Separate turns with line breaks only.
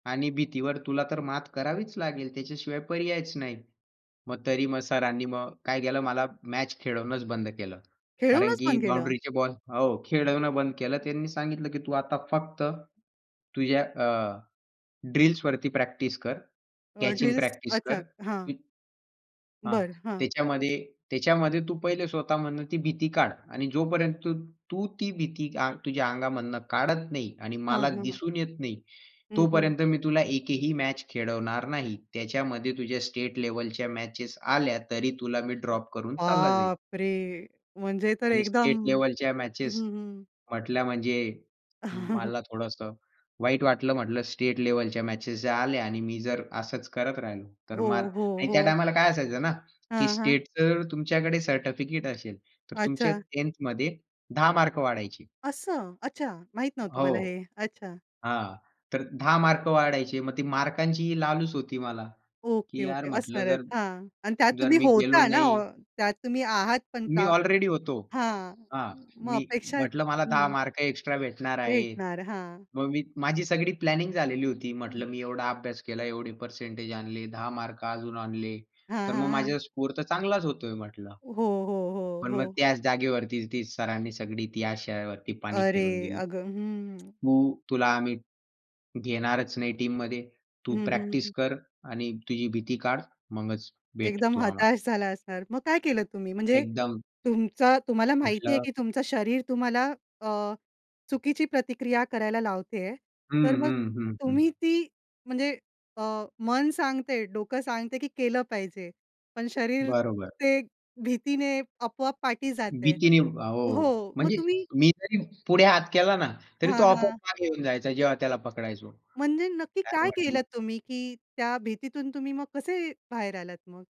आणि भीतीवर तुला तर मात करावीच लागेल. त्याच्याशिवाय पर्यायच नाही. मग तरी मग सरांनी मग काय केलं, मला मॅच खेळवणंच बंद केलं. कारण
खेळूनच
की
पण केलं.
बाउंडरीचे बॉल हो खेळवणं बंद केलं. त्यांनी सांगितलं की तू आता फक्त, तुझ्या अ, ड्रिल्सवरती प्रॅक्टिस कर,
अ,
कॅचिंग
ड्रिल्स
प्रॅक्टिस
अच्छा,
कर
हां.
की हां.
बरं, हां.
त्याच्यामध्ये त्याच्यामध्ये तू पहिले स्वतःमधनं ती भीती काढ. आणि जोपर्यंत तू तू ती भीती आंग तुझ्या अंगामधनं काढत नाही आणि
हां,
मला
हां.
दिसून येत नाही.
हं, हं.
तोपर्यंत मी तुला एकही मॅच खेळवणार नाही. त्याच्यामध्ये तुझ्या स्टेट लेव्हलच्या मॅचेस आल्या, तरी तुला मी ड्रॉप करून चालला जाईल.
बापरे! म्हणजे तर
आणि
एकदम
स्टेट लेव्हलच्या
हं,
मॅचेस
हं, हं.
म्हटल्या म्हणजे, मला थोडंस वाईट वाटलं म्हटल, "स्टेट लेव्हलच्या मॅचेस जर आल्या आणि मी जर असच करत राहिलो, तर
हो,
मग"
हो,
आणि त्या
हो.
टायमाला काय असायचं ना. की
हां, हां.
स्टेटच जर तुमच्याकडे सर्टिफिकेट असेल, तर तुमच्या
अच्छा.
10th मध्ये 10 मार्क वाढायचे.
असं? अच्छा! माहीत नव्हतं
हां,
मला हे,
हो.
अच्छा!
हां. तर 10 मार्क वाढायचे. मग ती मार्कांची ही लालच होती मला, की
ओके,
यार
ओके.
म्हटलं
असणारच,
जर,
हां. आणि त्यात
जर
तुम्ही
मी गेलो
होता ना, ऑ
नाही
त्यात तुम्ही आहात पण
मी ऑलरेडी होतो.
हां
हां.
म मग
मी
अपेक्षा
म्हटलं मला 10
हं.
मार्क एक्स्ट्रा भेटणार आहेत.
भेटणार. हां.
मग मी माझी सगळी प्लॅनिंग झालेली होती.
हं.
म्हटलं, "मी एवढा अभ्यास केला. एवढे पर्सेंटेज आणले. 10 मार्क अजून आणले.
हां,
तर मग
हां, हां.
माझा स्कोर तर चांगलाच होतोय म्हटलं."
हो, हो, हो,
पण मग
हो.
त्याच जागेवरती ती सरांनी सगळी ती आशावरती पाणी फिरवून
अरे!
दिलं.
अगं हं.
तू, तुला आम्ही घेणारच नाही टीममध्ये. तू
हं, हं,
प्रॅक्टिस
हं.
कर आणि तुझी भीती काढ. मगच भेट
एकदम
तू आम्हाला.
हताश झाला असणार. मग काय केलं तुम्ही? म्हणजे
एकदम.
तुमचा तुम्हाला माहिती आहे
म्हटलं
की तुमचं शरीर तुम्हाला अ, चुकीची प्रतिक्रिया करायला लावते आहे,
हं,
तर मग
हं, हं,
तुम्ही
हं.
ती म्हणजे अ, मन सांगते, डोकं सांगते की केलं पाहिजे. पण शरीर
बरोबर.
ते भीतीने आपोआप पाठी जातंय.
भीतीने अ, हो,
हो, मग
म्हणजे
तुम्ही
मी जरी पुढे हात केला ना, तरी तो
हां,
आपोआप
हां.
मागे येऊन जायचा जेव्हा त्याला पकडायचो.
म्हणजे नक्की
काय
काय
वाटलं?
केलत तुम्ही, की त्या भीतीतून तुम्ही मग कसे बाहेर आलात मग?